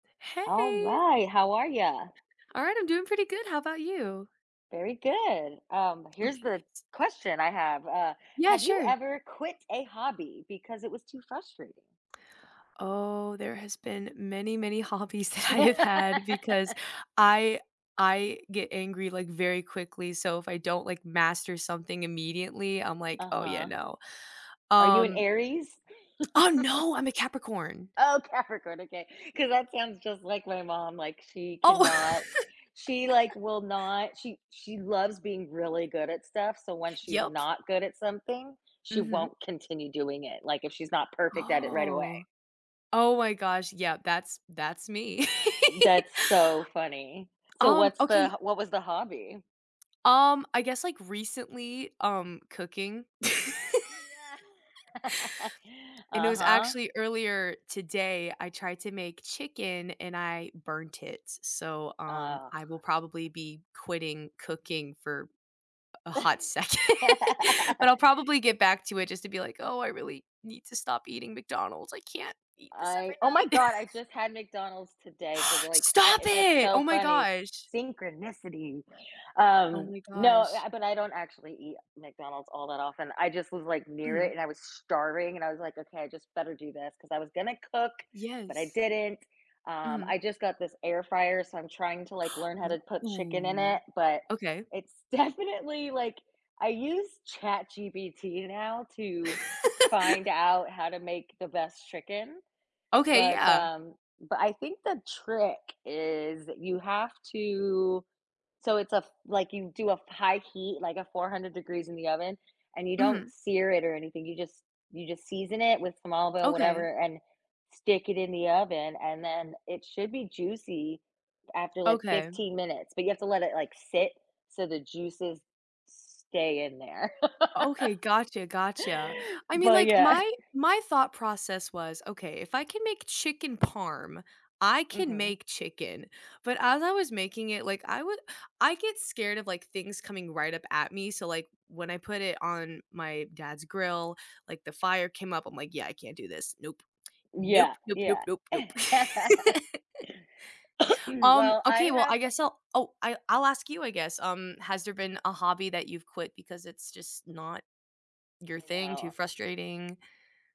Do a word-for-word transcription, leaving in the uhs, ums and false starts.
All Hey. right, how are ya? Alright, I'm doing pretty good, how 'bout you? Very good, um, here's Okay, the yes question I have, uh, Yeah, have you sure. ever quit a hobby because it was too frustrating? Oh, there has been many, many hobbies that I have had because I I get angry, like, very quickly, so if I don't, like, master something immediately, I'm like, "Oh, yeah, Uh-huh. no," Are you an um Aries? Ah, no, I'm a Capricorn. Oh, Capricorn, okay, 'cause that sounds just like my mom, like, she Oh. cannot she, like, will not she she loves being really good at stuff, so when she's Yep. not good at something, she Mhm. won't continue doing it, like, if she's not perfect at it right Oh, away. oh my gosh, yeah, that's that's me. That's so funny. So Um, what's okay the what was the hobby? Um, I guess, like, recently, um, cooking. Oh, yeah. And it was Uh-huh. actually earlier today I tried to make chicken and I burnt it, so, um, Ugh. I will probably be quitting cooking for a hot second, but I'll probably get back to it just to be like, "Oh, I really need to stop eating McDonald's. I can't eat this I oh my every night." God, I just had McDonald's today for the, like uh, Stop that's it! so Oh my funny, gosh. synchronicity. Oh Um, my no, gosh. I but I don't actually eat McDonald's all that often. I just was, like, near it Mhm. and I was starving and I was like, "Okay, I just better do this," 'cause I was gonna cook, but I Yes. didn't, um, Mhm. I just got this air fryer, so I'm trying to, like, learn how to put chicken in Ooh, it, but okay. it's definitely, like I use ChatGPT now to find out how to make the best chicken, Okay, but, yeah. um, but I think the trick is you have to so it's a f like, you do a f high heat, like a four hundred degrees in the oven, and you don't Mhm. sear it or anything, you just, you just season it with some olive oil, Okay. whatever and stick it in the oven and then it should be juicy after, like, Okay. fifteen minutes, but you have to let it, like, sit so the juices stay in there. Okay, gotcha, gotcha. I mean, But like, yeah. my my thought process was, okay, if I can make chicken parm, I can Mhm. make chicken, but as I was making it, like, I would I get scared of, like, things coming right up at me, so, like, when I put it on my dad's grill, like, the fire came up, I'm, like, "Yeah, I can't do this. Nope, nope, Yeah, nope, nope, yeah. nope, nope." Um, Well, I okay, well, have I guess I'll oh, I I'll ask you, I guess, um, has there been a hobby that you've quit because it's just not your I thing, too know. frustrating?